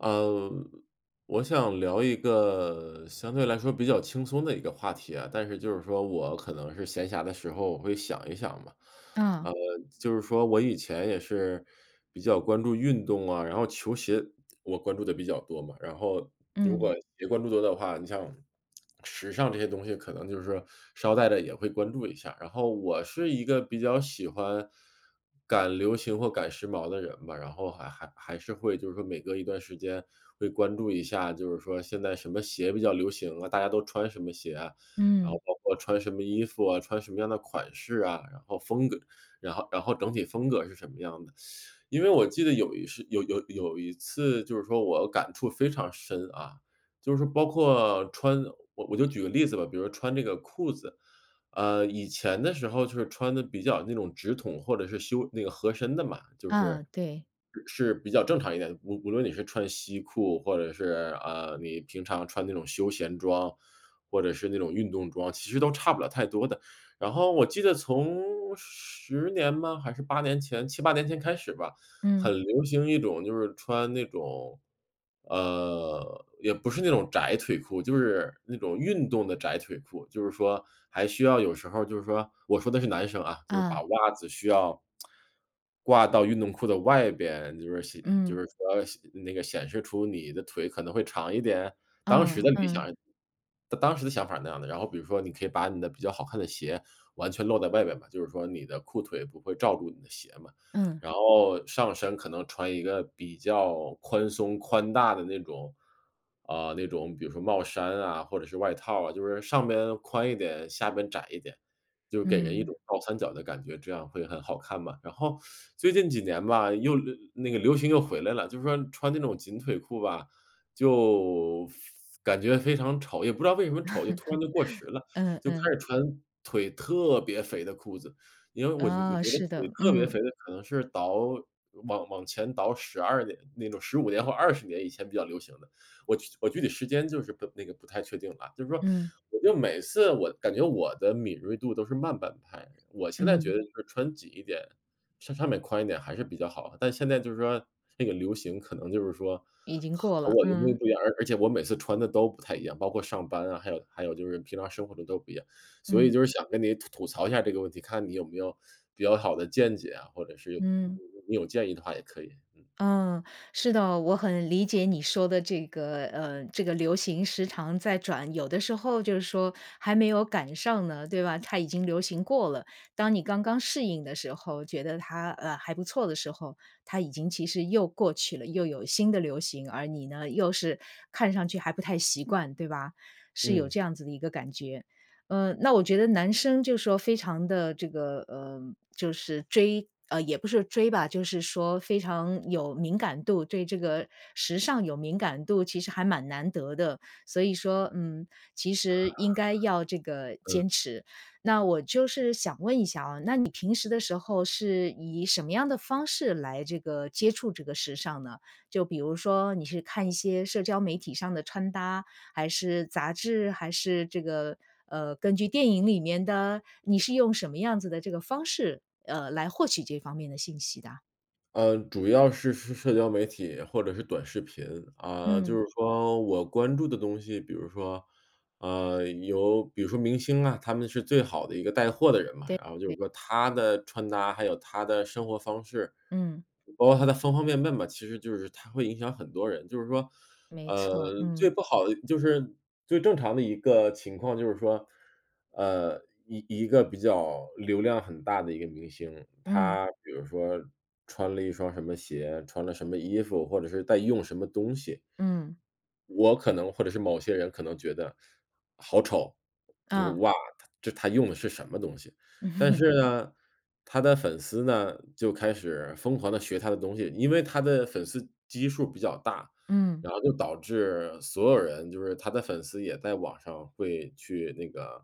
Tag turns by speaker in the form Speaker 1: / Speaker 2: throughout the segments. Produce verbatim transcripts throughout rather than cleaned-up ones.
Speaker 1: 呃，我想聊一个相对来说比较轻松的一个话题啊。但是就是说我可能是闲暇的时候，我会想一想嘛。
Speaker 2: 啊。
Speaker 1: 呃，就是说我以前也是比较关注运动啊，然后球鞋我关注的比较多嘛。然后如
Speaker 2: 嗯。
Speaker 1: 果也关注多的话你像时尚这些东西可能就是捎带着也会关注一下。然后我是一个比较喜欢赶流行或赶时髦的人吧，然后还还还是会就是说每隔一段时间会关注一下，就是说现在什么鞋比较流行啊，大家都穿什么鞋啊，然后
Speaker 2: 嗯。
Speaker 1: 包括穿什么衣服啊，穿什么样的款式啊，然后风格然后然后整体风格是什么样的。因为我记得有一事有有有一次就是说我感触非常深，啊，就是说包括穿我我就举个例子吧，比如说穿这个裤子。呃，以前的时候就是穿得比较那种直筒或者是修那个合身的嘛，就
Speaker 2: 啊，
Speaker 1: 是
Speaker 2: 对。
Speaker 1: 是比较正常一点，无无论你是穿西裤或者是，呃，你平常穿那种休闲装，或者是那种运动装，其实都差不了太多的。然后我记得从十年吗？还是八年前七八年前开始吧，很
Speaker 2: 嗯。
Speaker 1: 流行一种就是穿那种呃，也不是那种窄腿裤，就是那种运动的窄腿裤。就是说还需要有时候儿就是说我说的是男生啊，就是把
Speaker 2: 啊。
Speaker 1: 袜子需要 挂到运动裤的外边。就是说显就
Speaker 2: 嗯。
Speaker 1: 是说显那个显示出你的腿可能会长一点。当时
Speaker 2: 嗯，
Speaker 1: 的理
Speaker 2: 嗯。
Speaker 1: 想当当时的想法儿那样的，然后比如说你可以把你的比较好看的鞋完全露在外面嘛，就是说你的裤腿不会罩住你的鞋嘛，
Speaker 2: 嗯。
Speaker 1: 然后上身可能穿一个比较宽松、宽大的那种呃，那种比如说帽衫啊或者是外套啊，就是上边宽一点，下边窄一点，就给人一
Speaker 2: 嗯。
Speaker 1: 种倒三角的感觉，这样会很好看嘛。然后 最近几年吧，又流那个流行又回来了，就是说穿那种紧腿裤吧，就非感觉非常丑。也不知道为什么丑，就突然就过 时了，
Speaker 2: 嗯，
Speaker 1: 就开
Speaker 2: 嗯。
Speaker 1: 始穿腿特别肥的裤子。因为我就我
Speaker 2: 啊，
Speaker 1: 觉得
Speaker 2: 是
Speaker 1: 腿
Speaker 2: 的，
Speaker 1: 特别
Speaker 2: 嗯。
Speaker 1: 肥的可能是倒往往前倒十二年那种十五年或二十年以前比较流行的，我具我具体时间就是不那个不太确定了。就是说，
Speaker 2: 嗯。
Speaker 1: 我就每次我感觉我的敏锐度都是慢半拍，我现在觉
Speaker 2: 嗯。
Speaker 1: 得就是穿紧一点，上上面宽一点还是比较好的。但现在就是说这个流行可能就是说
Speaker 2: 已经过
Speaker 1: 和
Speaker 2: 了，
Speaker 1: 我的东西
Speaker 2: 嗯。
Speaker 1: 不一样，而而且我每次穿的都不太一样，包括上班啊，还有还有就是平常生活的都不一样。所以
Speaker 2: 嗯。
Speaker 1: 就是想跟你吐吐槽一下这个问题，看你有没有比较好的见解啊，或者是有
Speaker 2: 嗯。
Speaker 1: 你有建议的话也可以，嗯。
Speaker 2: 嗯，是的，我很理解你说的这个，呃，这个流行时常在转，有的时候就是说还没有赶上呢，对吧，它已经流行过了。当你刚刚适应的时候，觉得它，呃，还不错的时候，它已经其实又过去了，又有新的流行。而你呢，又是看上去还不太习惯，对吧。是有
Speaker 1: 嗯。
Speaker 2: 这样子的一个感觉。呃，那我觉得男生就是说非常地这个呃，就是追呃，也不是追吧，就是说非常有敏感度对这个时尚有敏感度，其实还蛮难得的。所以说，嗯，其实应该要这 个
Speaker 1: 嗯。
Speaker 2: 坚持。那我就是想问一下哦，那你平时的时候是以什么样的方式来这个接触这个时尚呢？就比如说你是看一
Speaker 1: 嗯。
Speaker 2: 些社交媒体上的穿搭，还是杂志，还是这个呃，根据电影里面的？你是用什么样子的这个方式，呃，来获取这方面的信息的？
Speaker 1: 呃，主要是是社交媒体或者是短视频。啊，就
Speaker 2: 嗯。
Speaker 1: 是说我关注的东西，比如说，呃，有比如说明星啊，他们是最好的一个带货的人嘛。
Speaker 2: 对
Speaker 1: 然后就
Speaker 2: 对。
Speaker 1: 是说他的穿搭，还有他的生活方式，
Speaker 2: 嗯。
Speaker 1: 包括他的方方面面嘛，其实就是他会影响很多人。就是说，
Speaker 2: 没
Speaker 1: 呃，
Speaker 2: 错，
Speaker 1: 最
Speaker 2: 嗯。
Speaker 1: 不好的就是最正常的一个情况就是说，呃，一一个比较流量很大的一个明星，
Speaker 2: 嗯。
Speaker 1: 他比如说穿了一双什么鞋，穿了什么衣服，或者是在用什么东西
Speaker 2: 嗯。
Speaker 1: 我可能或者是某些人可能觉得，好丑，就是：
Speaker 2: 啊。
Speaker 1: “哇，他这他用的是什么东西。”但 是呢，他的粉丝呢，就开始疯狂地学他的东西，因为他的粉丝基数比较大。
Speaker 2: 嗯。
Speaker 1: 然后就导致所有人，就是他的粉丝也在网上会去那个，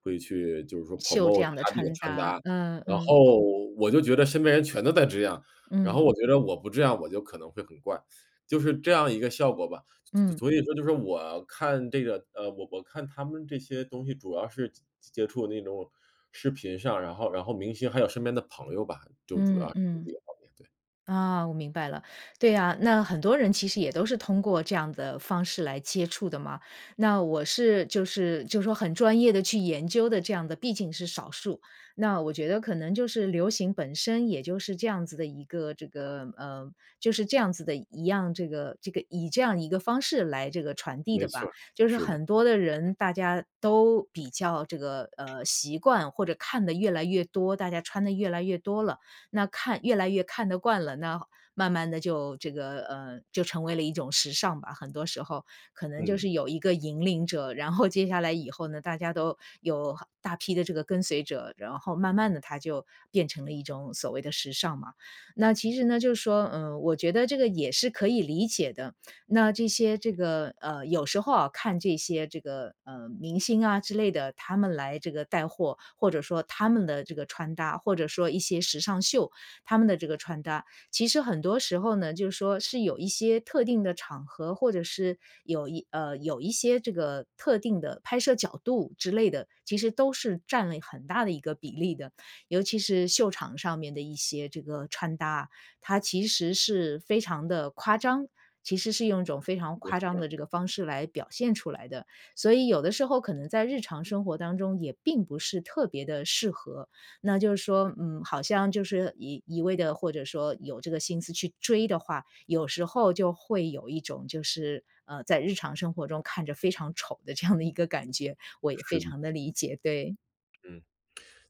Speaker 1: 会去，就是说
Speaker 2: 秀这
Speaker 1: promote
Speaker 2: 样的
Speaker 1: 他这个
Speaker 2: 穿
Speaker 1: 穿搭。
Speaker 2: 搭，嗯，
Speaker 1: 然
Speaker 2: 嗯。
Speaker 1: 后我就觉得身边人全都在这样，然
Speaker 2: 嗯。
Speaker 1: 后我觉得我不这样，我就可能会很怪，就是这样一个效果吧。所所
Speaker 2: 嗯。
Speaker 1: 所以说就说我看这个，呃，我我看他们这些东西主要是接接接触那种视频上，然后然后明星还有身边的朋友吧，就主
Speaker 2: 嗯
Speaker 1: 要是
Speaker 2: 嗯。
Speaker 1: 这个方面，对。
Speaker 2: 啊，我明白了。对啊，那很多人其实也都是通过这样的方式来接触的嘛，那我是就是就是说很专业地去研究的这样的毕竟是少数。那我觉得可能就是流行本身也就是这样子的一个这个呃，就是这样子的一样，这个这个以这样一个方式来这个传递
Speaker 1: 没
Speaker 2: 的
Speaker 1: 错
Speaker 2: 吧。
Speaker 1: 儿，
Speaker 2: 就是
Speaker 1: 是的。
Speaker 2: 很多的人大家都比较这个，呃，习惯或者看得越来越多，大家穿得越来越多了，那看越来越看得惯了，那慢慢地就这个呃，就成为了一种时尚吧。很多时候，可能就
Speaker 1: 嗯。
Speaker 2: 是有一个引领者，然后 接下来以后呢，大家都有大批的这个跟随者，然后慢慢地它就变成了一种所谓的时尚嘛。那其实呢就是说，呃，我觉得这个也是可以理解的，那这些这个呃，有时候啊，看这些这个，呃，明星啊之类的，他们来这个带货，或者说他们的这个穿搭，或者说一些时尚秀，他们的这个穿搭，其实很多时候呢，就是说是有一些特定的场合，或者是有一呃，有一些这个特定的拍摄角度之类的，其实都是占了很大的一个比例的。尤其是秀场上面的一些这个穿搭，它其实是非常地夸张，其实是用一种非常
Speaker 1: 没
Speaker 2: 夸
Speaker 1: 错
Speaker 2: 张
Speaker 1: 儿。
Speaker 2: 的这个方式来表现出来的，所以有的时候可能在日常生活当中也并不是特别地适合。那就是说，嗯，好像就是一一味地或者说有这个心思去追的话，有时候就会有一种就是，呃，在日常生活中看着非常丑的这样的一个感觉，我也非
Speaker 1: 是的。
Speaker 2: 常地理解，对。
Speaker 1: 嗯，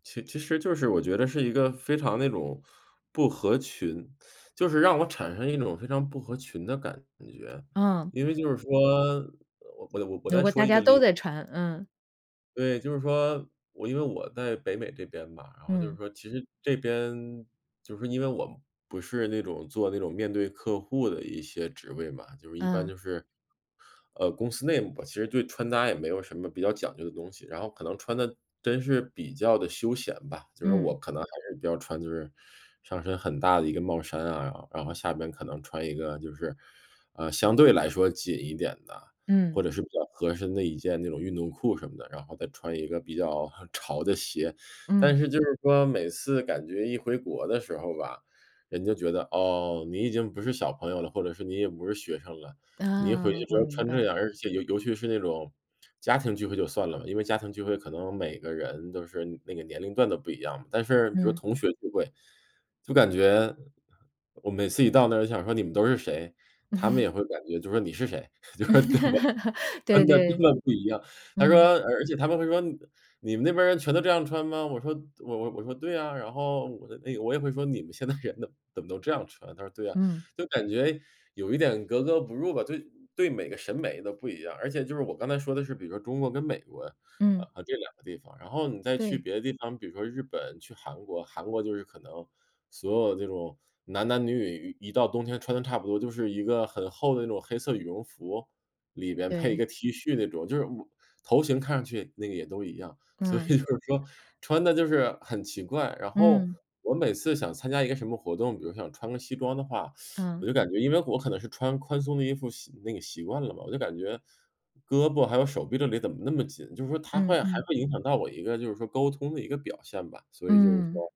Speaker 1: 其其实就是我觉得是一个非常那种，不合群，就是让我产生一种非常不合群的感觉，
Speaker 2: 嗯。
Speaker 1: 因为就是说我我我我
Speaker 2: 如
Speaker 1: 再
Speaker 2: 果
Speaker 1: 说
Speaker 2: 大
Speaker 1: 一
Speaker 2: 家
Speaker 1: 个例
Speaker 2: 都
Speaker 1: 子。
Speaker 2: 在穿，嗯。
Speaker 1: 对，就是说，我因为我在北美这边嘛。然后就是
Speaker 2: 嗯。
Speaker 1: 说其实这边，就是说因为我不是那种做那种面对客户的一些职位嘛。就是一般
Speaker 2: 嗯。
Speaker 1: 就是，呃，公司内部吧，其实对穿搭也没有什么比较讲究的东西。然后可能穿得，真是比较地休闲吧。就是说
Speaker 2: 嗯。
Speaker 1: 我可能还是要穿就是上身很大的一个帽衫啊，然然后下边可能穿一个就是，呃，相对来说紧一点的，
Speaker 2: 嗯。
Speaker 1: 或者是比较合身的一件那种运动裤什么的。然后再穿一个比较很潮的鞋。但
Speaker 2: 嗯。
Speaker 1: 是就是说每次感觉一回国的时候吧，人就觉得，哦，你已经不是小朋友了，或者是你也不是学生了。你一回
Speaker 2: 嗯，
Speaker 1: 去
Speaker 2: 我
Speaker 1: 之后
Speaker 2: 明
Speaker 1: 穿
Speaker 2: 白。
Speaker 1: 这样，而且尤尤其是那种家庭聚会就算了，因为家庭聚会可能每个人都是那个年龄段都不一样嘛。但是，比如
Speaker 2: 嗯。
Speaker 1: 同学聚会，就感觉，我每次一到那儿想说：“你们都是谁？”他们也 会感觉就说：“你是谁？” 就
Speaker 2: 嗯，
Speaker 1: 是特么
Speaker 2: 对
Speaker 1: 穿得根
Speaker 2: 对。
Speaker 1: 本不一样。他说
Speaker 2: 嗯。
Speaker 1: 而而且他们会说：“你你们那边人全都这样穿吗？”我说我我我说：“对啊”，然后，我的那个我也会说：“你们现在人都怎么都这样穿？”他说：“对啊”。
Speaker 2: 嗯。
Speaker 1: 就感觉有一点格格不入吧对对每个审美都不一样。而且就是我刚才说的是，比如说中国跟美国，呃，
Speaker 2: 嗯。
Speaker 1: 呃，这两个地方。然后你再去
Speaker 2: 对。
Speaker 1: 别的地方，比如说日本，去韩国，韩国就是可能，所有这种，男男女女一到冬天穿的差不多，就是一个很厚的那种黑色羽绒服，里边配一
Speaker 2: 对。
Speaker 1: 个 T 恤那种就是我头型看上去那个也都一样。所以就
Speaker 2: 嗯。
Speaker 1: 是说，穿得就是很奇怪。然后，
Speaker 2: 嗯。
Speaker 1: 我每次想参加一个什么活动，比如想穿个西装的话，我
Speaker 2: 嗯。
Speaker 1: 就感觉因为我可能是穿宽松的衣服习那个习惯了嘛，我就感觉胳膊还有手臂这里怎么那么紧？就是说它会
Speaker 2: 嗯
Speaker 1: 还
Speaker 2: 嗯。
Speaker 1: 会影响到我一个就是说沟通的一个表现吧。所以就是
Speaker 2: 嗯。
Speaker 1: 说，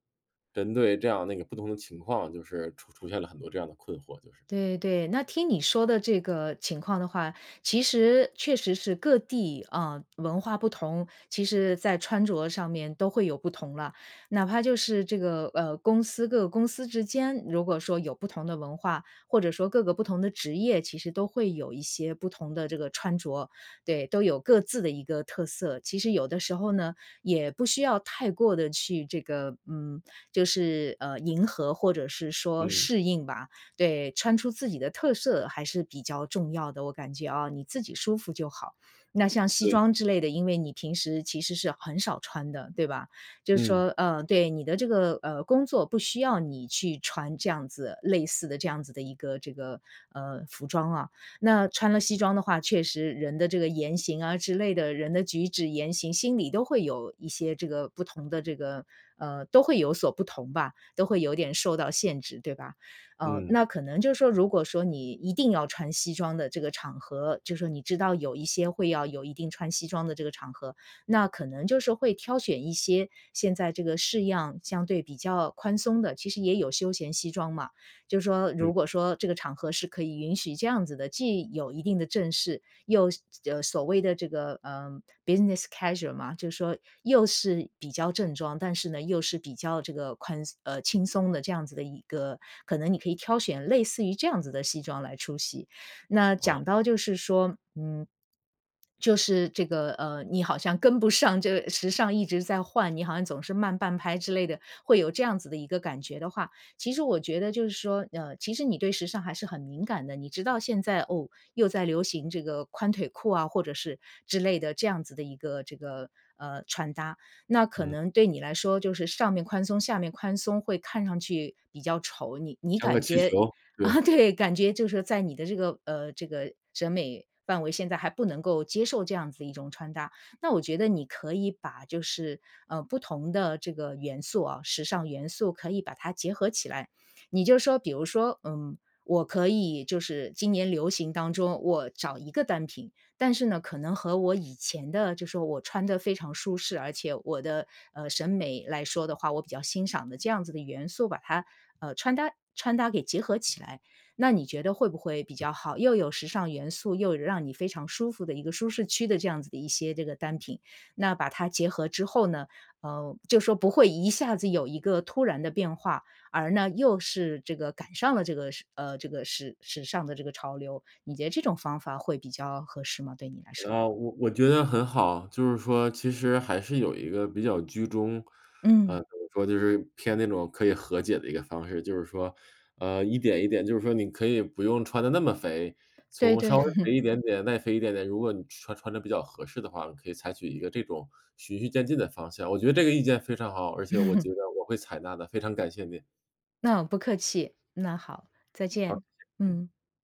Speaker 1: 针对这样那个不同的情况，就是出出现了很多这样的困惑，就是。
Speaker 2: 对对，那听你说的这个情况的话，其实确实是各地，呃，文化不同，其实在穿着上面都会有不同了。哪怕就是，这个，呃，公司各个公司之间，如果说有不同的文化，或者说各个不同的职业，其实都会有一些不同的这个穿着。对，都有各自的一个特色。其实有的时候呢，也不需要太过地去这个，嗯，就是，呃，迎合或者是说
Speaker 1: 嗯。
Speaker 2: 适应吧。对，穿出自己的特色还是比较重要的，我感觉啊，你自己舒服就好。那像西
Speaker 1: 对。
Speaker 2: 装之类的，因为你平时其实是很少穿的，对吧？就是
Speaker 1: 嗯。
Speaker 2: 说，呃对，你的这个，呃，工作不需要你去穿这样子类似的这样子的一个这个，呃，服装啊。那穿了西装的话，确实人的这个言行啊之类的人的举止言行，心里都会有一些这个不同的这个呃，都会有所不同吧，都会有点受到限制，对吧？呃，
Speaker 1: 嗯。
Speaker 2: 那可能就是说如果说你一定要穿西装的这个场合，就说你知道有一些会要有一定穿西装的这个场合，那可能就是会挑选一些，现在这个式样相对比较宽松的其实也有休闲西装嘛。就说
Speaker 1: 嗯。
Speaker 2: 如果说这个场合是可以允许这样子的，既有一定的正式，又是呃，所谓的这个，呃，business casual 嘛，就说，又是比较正装，但是呢，又是比较这个宽松呃，轻松的这样子的一个可能你可以挑选类似于这样子的西装来出席。那
Speaker 1: 哦。
Speaker 2: 讲到就是说，嗯就是这个，呃，你好像跟不上这个时尚一直在换，你好像总是慢半拍之类的，会有这样子的一个感觉的话。其实我觉得就是说，呃，其实你对时尚还是很敏感的，你知道现在，哦，又在流行这个，宽腿裤啊，或者是之类的这样子的一个这个，呃，穿搭。那可
Speaker 1: 嗯。
Speaker 2: 能对你来说就是上面宽松，下面宽松，会看上去比较丑。你你
Speaker 1: 像个
Speaker 2: 感
Speaker 1: 气
Speaker 2: 觉
Speaker 1: 球，对。
Speaker 2: 对，感觉就是在你的这个，呃，这个审美范围现在还不能够接受这样子的一种穿搭。那我觉得你可以把就是，呃，不同的这个元素啊时尚元素可以把它结合起来。你就说，比如说，嗯，我可以就是，今年流行当中我找一个单品，但是呢，可能和我以前的就说我穿得非常舒适，而且我的，呃，审美来说的话，我比较欣赏的这样子的元素，把它，呃，穿搭穿搭给结合起来。那你觉得会不会比较好？又有时尚元素，又让你非常舒服的一个舒适区的这样子的一些这个单品。那把它结合之后呢，呃，就说不会一下子有一个突然的变化，而呢，又是这个赶上了这个，时呃，这个时时尚的这个潮流。你觉得这种方法会比较合适吗？对你来说。
Speaker 1: 啊，我我觉得很好。就是说其实还是有一个比较居中
Speaker 2: 嗯。
Speaker 1: 呃，怎么说就是，偏那种可以和解的一个方式。就是说，呃，一点一点就是说，你可以不用穿得那么肥，
Speaker 2: 对
Speaker 1: 从
Speaker 2: 对。
Speaker 1: 稍微肥 一点点耐肥一点点，如果你穿穿得比较合适的话，你可以采取一个这种，循序渐进的方向。我觉得这个意见非常好，而且我 觉得我会采纳的，非常感谢你。
Speaker 2: 那不客气，那好，再
Speaker 1: 好，
Speaker 2: 见，
Speaker 1: 嗯。
Speaker 2: 嗯。